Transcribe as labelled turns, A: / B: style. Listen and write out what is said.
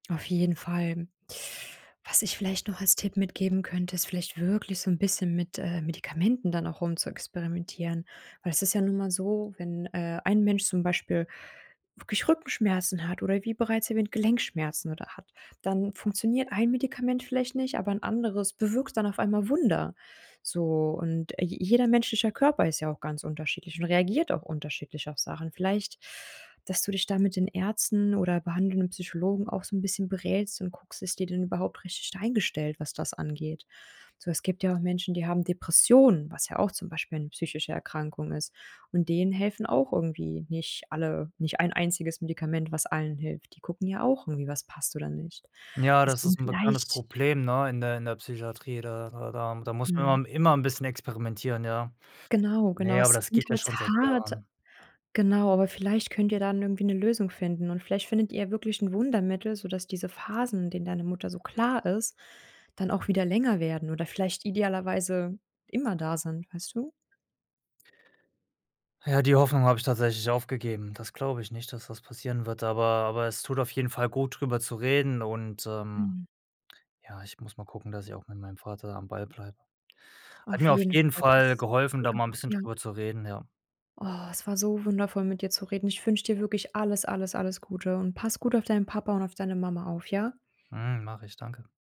A: Auf jeden Fall. Was ich vielleicht noch als Tipp mitgeben könnte, ist vielleicht wirklich so 'n bisschen mit, äh, Medikamenten dann auch rumzuexperimentieren, weil es ist ja nun einmal so, wenn, äh, ein Mensch zum Beispiel wirklich Rückenschmerzen hat oder wie bereits erwähnt, Gelenkschmerzen oder hat, dann funktioniert ein Medikament vielleicht nicht, aber ein anderes bewirkt dann auf einmal Wunder. So und, äh, je jeder menschlicher Körper ist ja auch ganz unterschiedlich und reagiert auch unterschiedlich auf Sachen. Vielleicht, dass du dich da mit den Ärzten oder behandelnden Psychologen auch so 'n bisschen berätst und guckst: „ist die denn überhaupt richtig eingestellt, was das angeht?“ So, es gibt ja auch Menschen, die haben Depressionen, was ja auch zum Beispiel 'ne psychische Erkrankung ist und denen helfen auch irgendwie nicht alle nicht ein einziges Medikament, was allen hilft. Die gucken ja auch irgendwie, was passt oder nicht.
B: Ja, das
A: Deswegen
B: ist 'n bekanntes
A: vielleicht
B: Problem, ne, in der in der Psychiatrie. Da da da m da muss
A: Mhm.
B: man immer 'n bisschen experimentieren, ja.
A: Genau, genau.
B: Ne, aber
A: Es
B: das
A: klingt
B: geht ja
A: jetzt
B: schon seit
A: hart
B: Jahren.
A: genau, aber vielleicht könnt ihr dann irgendwie eine Lösung finden und vielleicht findet ihr wirklich ein Wundermittel, sodass diese Phasen, in denen deine Mutter so klar ist, dann auch wieder länger werden oder vielleicht idealerweise immer da sind, weißt du?
B: Ja, die Hoffnung habe ich tatsächlich aufgegeben. Das glaube ich nicht, dass das passieren wird, aber aber es tut auf jeden Fall gut, drüber zu reden und, ähm,
A: Mhm.
B: ja, ich muss mal gucken, dass ich auch mit meinem Vater am Ball bleibe. Hat
A: Auf
B: mir auf
A: jeden
B: jeden
A: Fall
B: Fall
A: passt's.
B: geholfen, da
A: Guter
B: mal 'n
A: Move,
B: bisschen
A: ja.
B: drüber zu reden, ja.
A: Oh, es war so wundervoll mit dir zu reden. Ich wünsche dir wirklich alles, alles, alles Gute und pass gut auf deinen Papa und auf deine Mama auf, ja?
B: Mhm. Mache ich, danke.